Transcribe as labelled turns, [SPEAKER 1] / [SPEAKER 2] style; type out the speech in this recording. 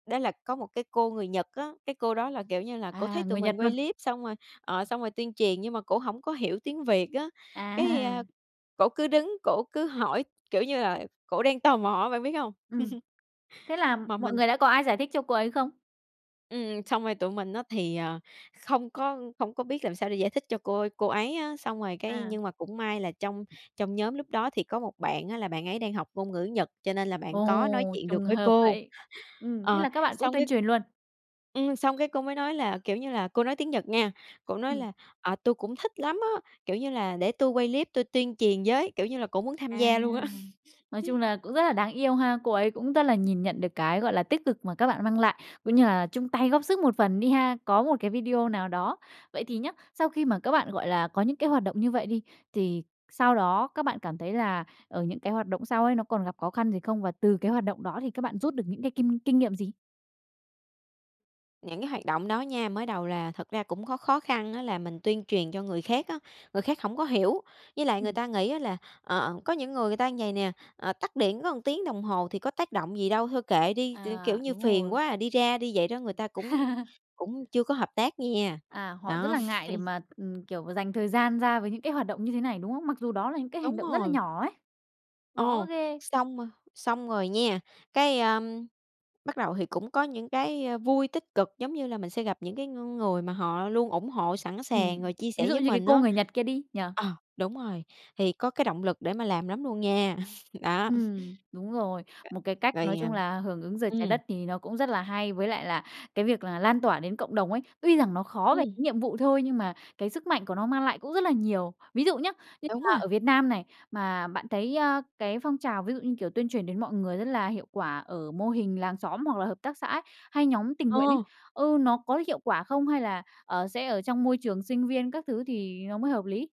[SPEAKER 1] Đó là có một cái cô người Nhật á, cái cô đó là, kiểu như là, cổ thấy
[SPEAKER 2] À,
[SPEAKER 1] tụi
[SPEAKER 2] người
[SPEAKER 1] mình
[SPEAKER 2] Nhật
[SPEAKER 1] quay
[SPEAKER 2] luôn?
[SPEAKER 1] clip xong rồi, ờ, xong rồi tuyên truyền, nhưng mà cổ hổng có hiểu tiếng Việt á, cái,
[SPEAKER 2] À.
[SPEAKER 1] a, cổ cứ đứng cổ cứ hỏi, kiểu như là, cổ đang tò mò á, bạn biết hông?
[SPEAKER 2] Ừm. Thế là
[SPEAKER 1] Mà
[SPEAKER 2] mọi
[SPEAKER 1] mình
[SPEAKER 2] người đã có ai giải thích cho cô ấy không?
[SPEAKER 1] ừm, xong rồi tụi mình á thì, ờ, không có không có biết làm sao để giải thích cho cô a cô ấy á. Xong rồi cái
[SPEAKER 2] À.
[SPEAKER 1] nhưng mà cũng may là trong trong nhóm lúc đó thì có một bạn á là bạn ấy đang học ngôn ngữ Nhật, cho nên là bạn có nói
[SPEAKER 2] Ồ,
[SPEAKER 1] chuyện được
[SPEAKER 2] trùng
[SPEAKER 1] với
[SPEAKER 2] hợp
[SPEAKER 1] cô.
[SPEAKER 2] vậy. Ừm, thế
[SPEAKER 1] Ờ,
[SPEAKER 2] là các bạn cũng
[SPEAKER 1] xong
[SPEAKER 2] tuyên
[SPEAKER 1] cái
[SPEAKER 2] truyền luôn?
[SPEAKER 1] ừm, xong cái cô mới nói là, kiểu như là, cô nói tiếng Nhật nha, cổ nói
[SPEAKER 2] Ừm.
[SPEAKER 1] là "À, tui cũng thích lắm á", kiểu như là "để tui quay clip tui tuyên truyền với." Kiểu như là, cổ muốn tham
[SPEAKER 2] À.
[SPEAKER 1] gia luôn á.
[SPEAKER 2] Nói chung là cũng rất là đáng yêu ha! Cô ấy cũng rất là nhìn nhận được cái, gọi là, tích cực mà các bạn mang lại, cũng như là chung tay góp sức một phần đi ha, có một cái video nào đó. Vậy thì nhá, sau khi mà các bạn, gọi là, có những cái hoạt động như vậy đi, thì sau đó các bạn cảm thấy là, ờ, những cái hoạt động sau ấy, nó còn gặp khó khăn gì không? Và từ cái hoạt động đó thì các bạn rút được những cái kim kinh nghiệm gì?
[SPEAKER 1] Những cái hoạt động đó nha, mới đầu là thật ra cũng có khó khăn á, là mình tuyên truyền cho người khác á, người khác hổng có hiểu. Với lại người
[SPEAKER 2] Ừm.
[SPEAKER 1] ta nghĩ á là, ờ, có những người người ta như vầy nè: "Ờ, tắt điện có 1 tiếng đồng hồ thì có tác động gì đâu? Thôi kệ đi." T kiểu
[SPEAKER 2] À,
[SPEAKER 1] như:
[SPEAKER 2] đúng
[SPEAKER 1] "Phiền
[SPEAKER 2] rồi.
[SPEAKER 1] quá à, đi ra đi." Vậy đó, người ta cũng cũng chưa có hợp tác nh nha.
[SPEAKER 2] À, họ rất
[SPEAKER 1] Đó.
[SPEAKER 2] là ngại để mà, ừm, kiểu, dành thời gian ra với những cái hoạt động như thế này, đúng không? Mặc dù đó là những cái hành
[SPEAKER 1] Đúng
[SPEAKER 2] động rất là
[SPEAKER 1] rồi.
[SPEAKER 2] nhỏ ấy! Khó
[SPEAKER 1] Ồ,
[SPEAKER 2] ghê!
[SPEAKER 1] xong rồi xong rồi nha, cái, a, bắt đầu thì cũng có những cái, a, vui, tích cực, giống như là mình sẽ gặp những cái ng người mà họ luôn ủng hộ, sẵn sàng,
[SPEAKER 2] Ừm.
[SPEAKER 1] rồi chia
[SPEAKER 2] Ví
[SPEAKER 1] sẻ
[SPEAKER 2] dụ
[SPEAKER 1] với
[SPEAKER 2] như cái
[SPEAKER 1] mình
[SPEAKER 2] cô
[SPEAKER 1] á.
[SPEAKER 2] người Nhật kia đi, nhỉ?
[SPEAKER 1] Ờ, đúng rồi, thì có cái động lực để mà làm lắm luôn nha, đó.
[SPEAKER 2] Ừm, đúng rồi. Một cái cách,
[SPEAKER 1] Rồi,
[SPEAKER 2] nói
[SPEAKER 1] à
[SPEAKER 2] chung là, hưởng ứng Giờ Trái
[SPEAKER 1] ừm.
[SPEAKER 2] Đất thì nó cũng rất là hay, với lại là, cái việc là lan tỏa đến cộng đồng ấy, tuy rằng nó khó về
[SPEAKER 1] Ừm.
[SPEAKER 2] cái nhiệm vụ thôi, nhưng mà cái sức mạnh của nó mang lại cũng rất là nhiều. Ví dụ nhá, như
[SPEAKER 1] Đúng
[SPEAKER 2] là
[SPEAKER 1] rồi.
[SPEAKER 2] ở Việt Nam này, mà bạn thấy, a, cái phong trào ví dụ như, kiểu, tuyên truyền đến mọi người rất là hiệu quả ở mô hình làng xóm hoặc là hợp tác xã ấy, hay nhóm tình nguyện ấy,
[SPEAKER 1] Ờ!
[SPEAKER 2] ừ, nó có hiệu quả không? Hay là, ờ, sẽ ở trong môi trường sinh viên các thứ thì nó mới hợp lý?